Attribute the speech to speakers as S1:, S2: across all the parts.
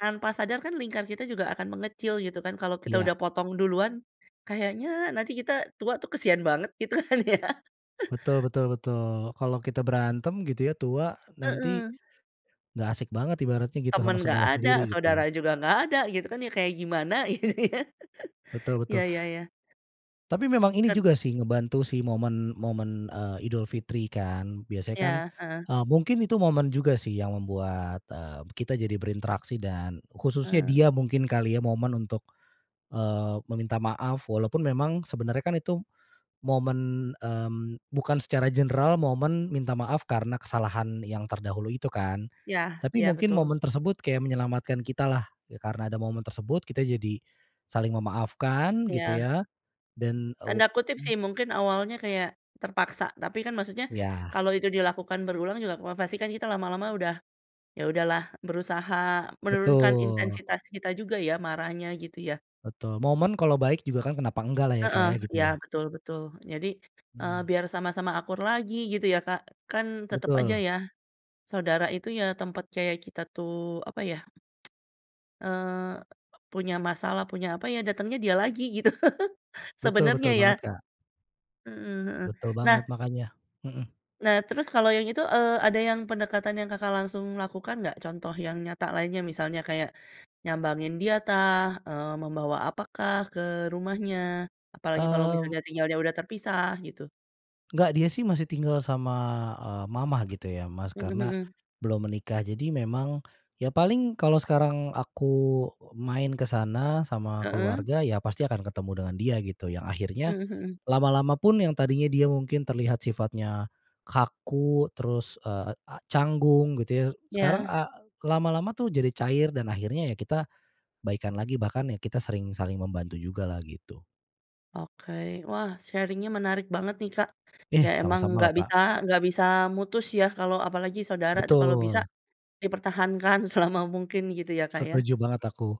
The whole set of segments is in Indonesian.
S1: Tanpa sadar kan lingkar kita juga akan mengecil gitu kan kalau kita
S2: Iya.
S1: udah potong duluan, kayaknya nanti kita tua tuh kasian banget gitu kan ya.
S2: Betul betul betul. Kalau kita berantem gitu ya, tua nanti
S1: Heeh.
S2: nggak asik banget ibaratnya gitu sama
S1: Teman enggak
S2: saudara
S1: ada,
S2: sendiri, gitu ya?
S1: saudara juga enggak ada gitu kan ya, kayak gimana gitu ya.
S2: Betul betul.
S1: Iya iya iya.
S2: Tapi memang ini
S1: Kan
S2: juga sih, ngebantu sih momen momen, eee, Idul Fitri kan. Biasanya kan,
S1: Iya, heeh.
S2: eee, mungkin itu momen juga sih yang membuat, eee, kita jadi berinteraksi, dan khususnya
S1: Eee.
S2: dia mungkin kali ya momen untuk, eee, meminta maaf. Walaupun memang sebenarnya kan itu momen, mmm, bukan secara general, momen minta maaf karena kesalahan yang terdahulu itu kan.
S1: Yah,
S2: Tapi
S1: iya
S2: mungkin
S1: betul.
S2: momen tersebut kayak menyelamatkan kita lah. Ya, karena ada momen tersebut kita jadi saling memaafkan gitu
S1: Iya.
S2: ya, dan, e
S1: Tanda kutip
S2: mmm.
S1: sih, mungkin awalnya kayak terpaksa, tapi kan maksudnya
S2: Iya.
S1: kalau itu dilakukan berulang juga, wah, pasti kan kita lama-lama udah, ya, udah lah, berusaha menurunkan
S2: Betul.
S1: intensitas kita juga ya, marahnya gitu ya.
S2: Betul, moment kalau baik juga kan kenapa enggak lah ya, Kak,
S1: Heeh,
S2: ya gitu
S1: iya
S2: ya?
S1: betul betul. Jadi, eee,
S2: Mhm.
S1: biar sama-sama akur lagi gitu ya, Kak, kan tetep aja
S2: Betul.
S1: ya, saudara itu ya tempat kayak kita tuh apa ya eee, punya masalah, punya apa ya, datengnya dia lagi gitu,
S2: Betul
S1: sebenernya
S2: betul
S1: ya.
S2: banget, Kak.
S1: Mmm, heeh,
S2: Betul
S1: nah
S2: banget makanya mhm.
S1: Nah, terus kalau yang itu, eee, ada yang pendekatan yang Kakak langsung lakukan, nggak? Contoh yang nyata lainnya, misalnya kayak nyambangin dia, tah, eee, membawa apakah ke rumahnya? Apalagi kalau
S2: Mmm.
S1: misalnya tinggalnya udah terpisah gitu.
S2: Enggak, dia sih masih tinggal sama, eee, mama gitu ya, Mas,
S1: Mmm,
S2: karena
S1: mhm.
S2: belum menikah. Jadi memang ya paling kalau sekarang aku main ke sana sama
S1: Heeh.
S2: keluarga, ya pasti akan ketemu dengan dia, gitu. Yang akhirnya
S1: Mhm mhm.
S2: lama-lama pun, yang tadinya dia mungkin terlihat sifatnya kaku, terus, eee, a canggung gitu ya. Sekarang
S1: Iya.
S2: a lama-lama tuh jadi cair, dan akhirnya ya kita baikan lagi. Bahkan ya kita sering saling membantu jugalah, gitu.
S1: Oke, wah sharing nya menarik banget nih, Kak.
S2: Iya
S1: Ya emang
S2: sama-sama loh,
S1: nggak
S2: Kak.
S1: bisa nggak bisa mutus ya kalau apalagi saudara tuh kalau bisa
S2: Betul.
S1: dipertahankan selama mungkin gitu ya, Kak, ya?
S2: Setuju banget aku.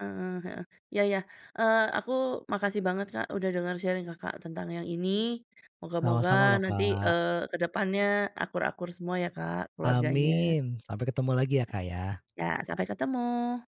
S1: Heeh heeh. Iya iya, eee, aku makasih banget, Kak, udah dengar sharing Kakak tentang yang ini, moga-moga
S2: Sama-sama loh,
S1: nanti,
S2: Kak.
S1: eee, ke depannya akur-akur semua ya, Kak, keluarganya.
S2: Amin, sampai ketemu lagi ya, Kak, ya.
S1: Ya, sampai ketemu.